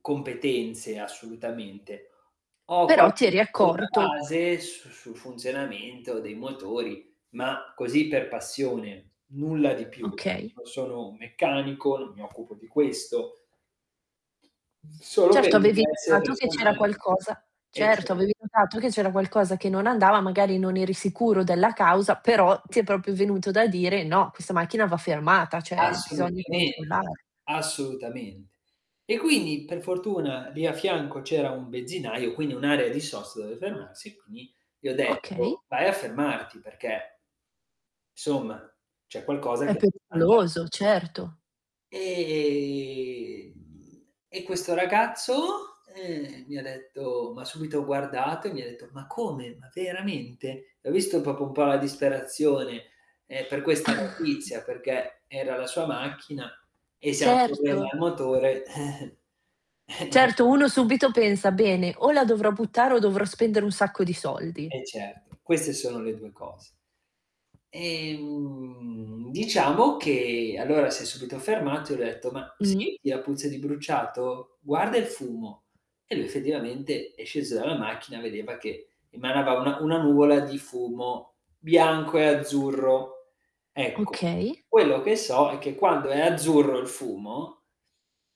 Competenze, assolutamente. Ho Però quasi ti eri una [unintelligible] accorto base su sul funzionamento dei motori, ma così per passione, nulla di più. Okay. Non sono un meccanico, n mi occupo di questo. Solo per Certo, avevi interesse notato che c'era personali. qualcosa Eh, certo, cer avevi notato che c'era qualcosa che non andava, magari non eri sicuro della causa, però ti è proprio venuto da dire: "No, questa macchina va fermata, cioè bisogna Assolutamen controllare". assolutamente. E quindi per fortuna lì a fianco c'era un benzinaio, quindi un'area di sosta dove fermarsi, e quindi gli ho Okay. detto: "Vai a fermarti", perché, somma, c'è qualcosa che È non andava. pericoloso, certo. Ehm, e questo ragazzo, ehm, mi ha detto m'ha subito guardato e mi ha detto: "Ma come? Ma veramente?" E ho visto proprio un po' la disperazione, ehm, per questa notizia, perché era la sua macchina e se ha problemi Certo. al motore, eh. Certo, uno subito pensa: "Bene, o la dovrò buttare o dovrò spendere un sacco di soldi". Eh certo, queste sono le 2 cose. Ehm, diciamo che allora si è subito fermato e ho detto: "Ma Mh-mh. senti la puzza di bruciato? Guarda il fumo." E lui effettivamente, è sceso dalla macchina e vedeva che emanava una una nuvola di fumo bianco e azzurro. Ecco, Okay. quello che so è che quando è azzurro il fumo,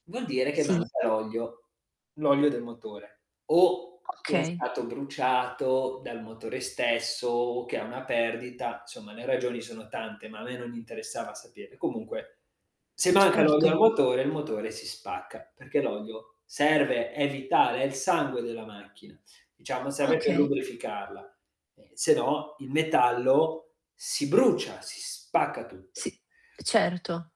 vuol dire che Sì. manca l'olio, l'olio del motore, o che è Okay. stato bruciato dal motore stesso, o che è una perdita, somma le ragioni sono tante, ma a me non interessava sapere. Comunque se manca l'olio Certo. al motore, il motore si spacca, perché l'olio serve a evitare, è il sangue della macchina, diciamo serve per Okay. lubrificarla, eh, se no il metallo si brucia, si spacca tutto. Sì, certo.